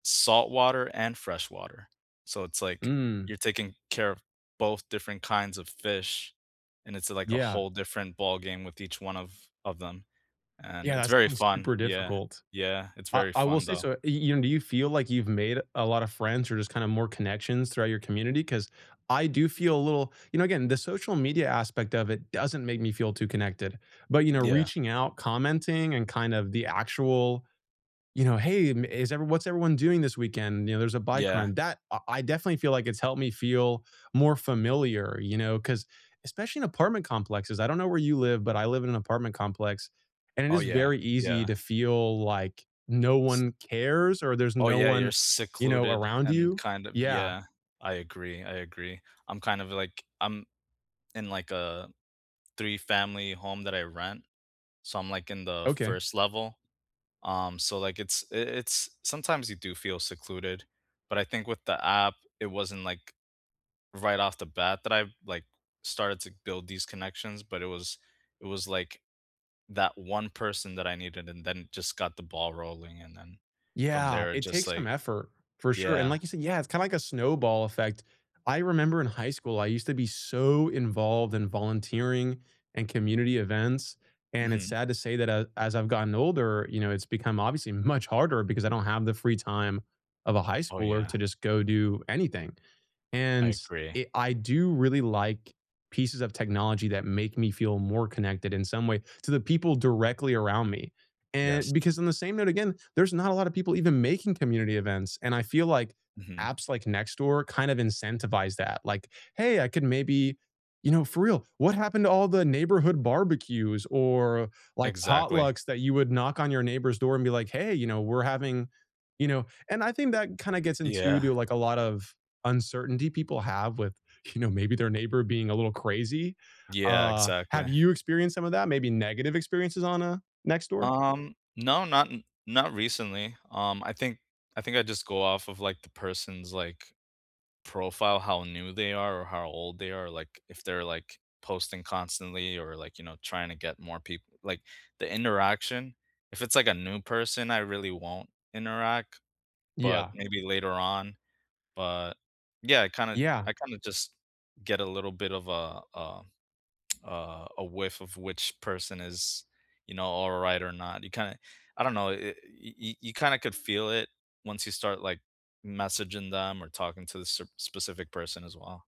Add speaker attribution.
Speaker 1: Saltwater and freshwater. So it's, like,
Speaker 2: Mm.
Speaker 1: you're taking care of both different kinds of fish, and it's, like, a
Speaker 2: Yeah.
Speaker 1: whole different ballgame with each one of of them, and
Speaker 2: Yeah,
Speaker 1: it's
Speaker 2: that
Speaker 1: very
Speaker 2: sounds
Speaker 1: fun.
Speaker 2: super
Speaker 1: Yeah.
Speaker 2: difficult.
Speaker 1: Yeah. It's
Speaker 2: I
Speaker 1: very
Speaker 2: I will
Speaker 1: fun,
Speaker 2: say
Speaker 1: though.
Speaker 2: so, y you do you feel like you've made a lot of friends or just kinda more connections throughout your community? 'Cause I do feel a little you know, again, the social media aspect of it doesn't make me feel too connected, but, you know,
Speaker 1: Yeah.
Speaker 2: reaching out, commenting, and kind of the actual, you know, "Hey, ma is everyone what's everyone doing this weekend," you know, "there's a bike
Speaker 1: Yeah.
Speaker 2: run." That I I definitely feel, like, it's helped me feel more familiar, you know, 'cause especially in apartment complexes. I don't know where you live, but I live in an apartment complex, and it
Speaker 1: Oh,
Speaker 2: is
Speaker 1: yeah.
Speaker 2: very easy
Speaker 1: Yeah.
Speaker 2: to feel like no
Speaker 1: S
Speaker 2: one cares or there's
Speaker 1: Oh,
Speaker 2: no
Speaker 1: yeah, you're
Speaker 2: one, you know,
Speaker 1: secluded
Speaker 2: around
Speaker 1: and
Speaker 2: you
Speaker 1: kind of
Speaker 2: Yeah.
Speaker 1: yeah. I agree, I agree. I'm kind of, like I'm in, like, a three-family home that I rent. So I'm, like, in the
Speaker 2: Okay.
Speaker 1: 1st level, um, so, like, it's i it's sometimes you do feel secluded, but I think with the app, it wasn't, like, right off the bat that I've, like, started to build these connections, but it was it was, like, that one person that I needed and then just got the ball rolling, and then from
Speaker 2: Yeah,
Speaker 1: there, it
Speaker 2: it
Speaker 1: just,
Speaker 2: takes some
Speaker 1: like
Speaker 2: effort. For sure. And
Speaker 1: Yeah.
Speaker 2: like you sai Yeah, it's kinda like a snowball effect. I remember in high school, I used to be so involved in volunteering and community events, and it's
Speaker 1: Mhm.
Speaker 2: sad to say that, a as I've gotten older, you know, it's become obviously much harder because I don't have the free time of a high
Speaker 1: Oh,
Speaker 2: schooler
Speaker 1: yeah.
Speaker 2: to just go do anything,
Speaker 1: I
Speaker 2: and
Speaker 1: agree.
Speaker 2: it I do really like pieces of technology that make me feel more connected in some way to the people directly around me,
Speaker 1: Yes.
Speaker 2: and because, on the same note, again, there's not a lot of people even making community events, and I feel like
Speaker 1: Mhm.
Speaker 2: apps like Nextdoor kinda incentivize that. Like, "Hey, I could maybe" You know, for real, what happened to all the neighborhood barbecues or, like,
Speaker 1: Exactly.
Speaker 2: potlucks that you would knock on your neighbor's door and be like, "Hey, you know, we're having" you know, and I think that kinda gets into
Speaker 1: Yeah.
Speaker 2: to, like, a lot of uncertainty people have with, you know, maybe their neighbor being a little crazy?
Speaker 1: Yeah.
Speaker 2: Uh, have
Speaker 1: Exactly.
Speaker 2: you experienced some of that, maybe negative experiences on, uh, Nextdoor?
Speaker 1: Um, no, not in not recently. Um, I think I think I just go off of, like, the person's, like, profile, how new they are or how old they are, like, if they're, like, posting constantly or, like, you know, trying to get more peop like, the interaction, if it's, like, a new person, I really won't interact, but
Speaker 2: Yeah.
Speaker 1: maybe later on, but Yeah, I kinda
Speaker 2: Yeah.
Speaker 1: I kinda just get a little bit of, uh uh uh, a whiff of which person is, you know, alright or not. You kinda I don't know, i y y y you kinda could feel it once you start, like, messaging them or talking to sir specific person as well.